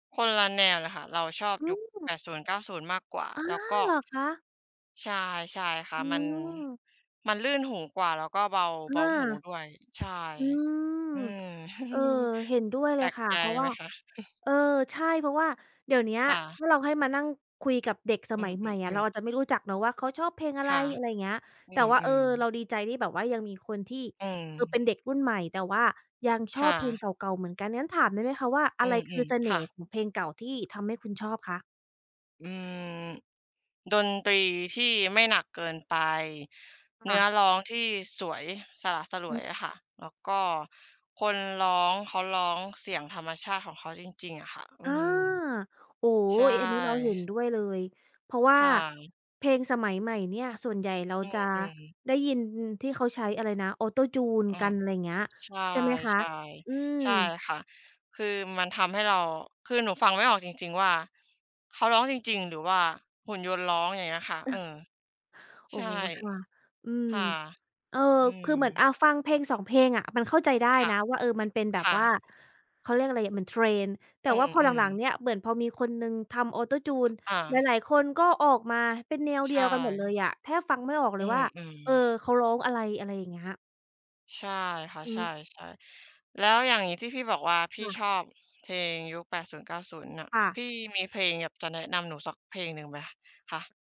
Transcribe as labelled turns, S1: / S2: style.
S1: คนละแนวเลยค่ะ เราชอบ
S2: อื
S1: ยุค
S2: ม
S1: 80-90 มากกว่า
S2: อ๋อ
S1: แล้วก็
S2: เหรอคะ?
S1: ใช่ ใช่ค่
S2: อ
S1: ะ
S2: ื
S1: มัน
S2: ม
S1: มันลื่นหูกว่า แล้วก็เบา
S2: อ
S1: เ
S2: า
S1: บาหูด้วย ใช่
S2: อืม
S1: อืม
S2: เออ เห็นด้วยเ
S1: แ
S2: ล
S1: ปล
S2: ย
S1: ก
S2: ค่ะ
S1: ใจ
S2: เพราะว
S1: ไ
S2: ่
S1: ห
S2: า
S1: มคะ?
S2: เออ ใช่ เพราะว่าเดี๋ยวเนี้ย
S1: ค่
S2: ถ
S1: ะ
S2: ้าเราให้มานั่งคุยกับเด็กส
S1: อื
S2: มัยใหม่อะ เร
S1: อ
S2: า
S1: ๆ ๆ
S2: อาจจะไม่รู้จักเนาะว่าเขาชอบเพลงอะ
S1: ค
S2: ไร
S1: ่ะ
S2: อะไรอย่างเงี้ย
S1: อื
S2: แต่ว่า เออ
S1: ม ๆ
S2: เราดีใจที่แบบว่ายังมีคนที่
S1: อื
S2: คือเป็
S1: ม
S2: นเด็กรุ่นใหม่ แต่ว่ายังช
S1: ค
S2: อ
S1: ่
S2: บเพลงเ
S1: ะ
S2: ก่า ๆ เหมือนกัน งั้นถามได้ไหมคะว่า อ
S1: อื
S2: ะไรคือ
S1: ม
S2: เส
S1: ๆ ค
S2: น่
S1: ่
S2: ห์
S1: ะ
S2: ของเพลงเก่าที่ทำให้คุณชอบคะ?
S1: อืม ดนตรีที่ไม่หนักเกินไป เน
S2: ค
S1: ื
S2: ่
S1: ้อ
S2: ะ
S1: ร้องที่สวย สละสล
S2: อื
S1: วย
S2: ม
S1: อะค่ะ แล้วก็คนร้องเขาร้องเสียงธรรมชาติของเขาจริง ๆ อะค่ะ อื
S2: อา
S1: ม
S2: โอ้ อ
S1: ใช่
S2: อันนี้เราเห็นด้วยเลย เพราะว่า
S1: ค่ะ
S2: เพลงสมัยใหม่เนี่ยส่วนใหญ่เรา
S1: อื
S2: จะ
S1: ม ๆ
S2: ได้ยินที่เขาใช้อะไรนะ Autotune
S1: อื
S2: กั
S1: ม
S2: น อะไรอย่างเงี้ย
S1: ใช
S2: ใช่ไหมคะ?
S1: ่
S2: อื
S1: ๆ ใช่
S2: ม
S1: ค่ะ คือมันทำให้เรา คือหนูฟังไม่ออกจริง ๆ ว่าเขาร้องจริง ๆ หรือว่าหุ่นยนต์ร้อง อย่างเงี้ยค่ะ เออ
S2: เออ อ
S1: ใ
S2: ๋
S1: ช
S2: อ
S1: ่
S2: ค่ะ อืม
S1: ค่ะ
S2: เออ
S1: อื
S2: ค
S1: ม
S2: ือเหมือน อ่า ฟังเพลง 2 เพลงอะ มันเข้าใจได้
S1: ค่ะ
S2: นะว่า เออ มันเป็นแบ
S1: ค
S2: บ
S1: ่
S2: ว่า
S1: ะ
S2: เขาเรียกอะไรอะ เหมือน Trend แต่
S1: อื
S2: ว่าพอห
S1: ม
S2: ลัง
S1: ๆ
S2: ๆ เนี่ย เหมือนพอมีคนหนึ่งทำ Autotune
S1: อา
S2: หลาย ๆ คนก็ออกมาเป็นแนว
S1: ใ
S2: เ
S1: ช
S2: ดียวกันหมดเล
S1: ่
S2: ยอะ แทบฟังไม่ออกเ
S1: อ
S2: ล
S1: ื
S2: ยว่า
S1: ม
S2: เออ
S1: ๆ
S2: เขาร้องอะไร อะไรอย่างเงี้ย
S1: ใช่ค่ะ
S2: อื
S1: ใช่
S2: ม
S1: ๆ แล้วอย่างนี้ที่พี่บอกว่าพี
S2: ค
S1: ่ช
S2: ่ะ
S1: อบเพลงยุค 80-90 อะ
S2: ค่ะ
S1: พี่มีเพลงอยากจะแนะนำหนูสักเพลงหนึ่งไหมคะ?